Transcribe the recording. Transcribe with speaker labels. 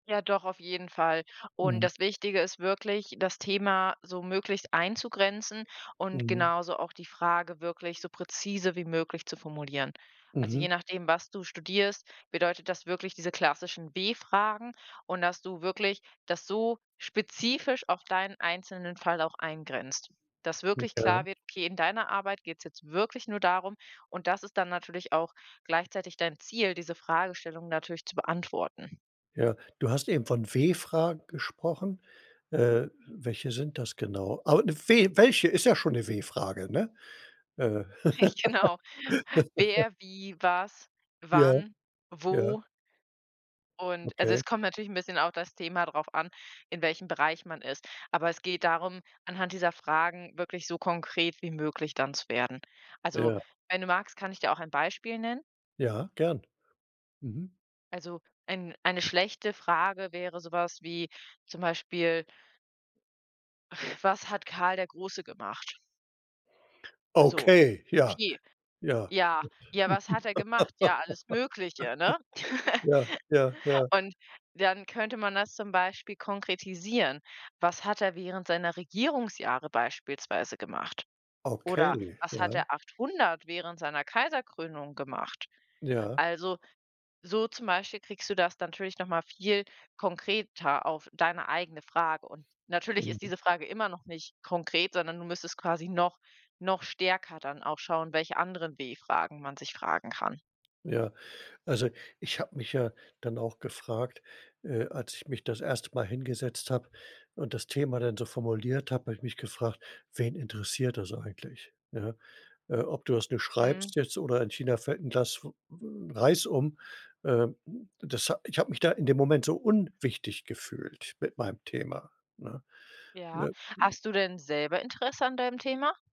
Speaker 1: Ja, doch, auf jeden Fall. Und
Speaker 2: Mhm.
Speaker 1: das Wichtige ist wirklich, das Thema so möglichst einzugrenzen und
Speaker 2: Mhm.
Speaker 1: genauso auch die Frage wirklich so präzise wie möglich zu formulieren. Also,
Speaker 2: Mhm.
Speaker 1: je nachdem, was du studierst, bedeutet das wirklich diese klassischen W-Fragen und dass du wirklich das so spezifisch auf deinen einzelnen Fall auch eingrenzt. Dass
Speaker 2: Mhm.
Speaker 1: wirklich
Speaker 2: Ja.
Speaker 1: klar wird, okay, in deiner Arbeit geht es jetzt wirklich nur darum, und das ist dann natürlich auch gleichzeitig dein Ziel, diese Fragestellungen natürlich zu beantworten.
Speaker 2: Ja, du hast eben von W-Fragen gesprochen. Äh, welche sind das genau? Aber, we welche- ist ja schon 'ne W-Frage, ne? Äh.
Speaker 1: Rich genau. Wer, wie, was,
Speaker 2: Ja,
Speaker 1: wann,
Speaker 2: ja.
Speaker 1: wo und also,
Speaker 2: Okay.
Speaker 1: es kommt natürlich 'n bisschen auf das Thema drauf an, in welchem Bereich man ist. Aber es geht darum, anhand dieser Fragen wirklich so konkret wie möglich dann zu werden. Also,
Speaker 2: Ja.
Speaker 1: wenn du magst, kann ich dir auch ein Beispiel nennen.
Speaker 2: Ja, gern. Mhm.
Speaker 1: Also, ein eine schlechte Frage wäre so was wie zum Beispiel „Was hat Karl der Große gemacht?“ So,
Speaker 2: Okay, ja,
Speaker 1: „Okay,
Speaker 2: ja.
Speaker 1: ja, ja, was hat er gemacht? Ja, alles Mögliche, ne?“
Speaker 2: Ja. Ja. Ja.
Speaker 1: Und, dann könnte man das zum Beispiel konkretisieren: „Was hat er während seiner Regierungsjahre beispielsweise gemacht? Oder,
Speaker 2: Okay,
Speaker 1: was hat
Speaker 2: ja.
Speaker 1: er 800, während seiner Kaiserkrönung gemacht?“
Speaker 2: Ja.
Speaker 1: Also, so zum Beispiel kriegst du das natürlich noch mal viel konkreter auf deine eigene Frage. Und natürlich ist
Speaker 2: Mhm.
Speaker 1: diese Frage immer noch nicht konkret, sondern du müsstest quasi noch noch stärker dann auch schauen, welche anderen W-Fragen man sich fragen kann.
Speaker 2: Ja. Also, ich habe mich ja dann auch gefragt, äh, als ich mich das 1. Mal hingesetzt habe, und das Thema dann so formuliert habe habe ich mich gefragt: „Wen interessiert das eigentlich, ja? Äh, ob du das nur
Speaker 1: Mhm.
Speaker 2: schreibst jetzt oder in China fällt 'n Glas W Reis um.“ Ähm, das hat ich habe mich da in dem Moment so unwichtig gefühlt mit meinem Thema, ne?
Speaker 1: Ja,
Speaker 2: [unintelligible]
Speaker 1: hast du denn selber Interesse an deinem Thema?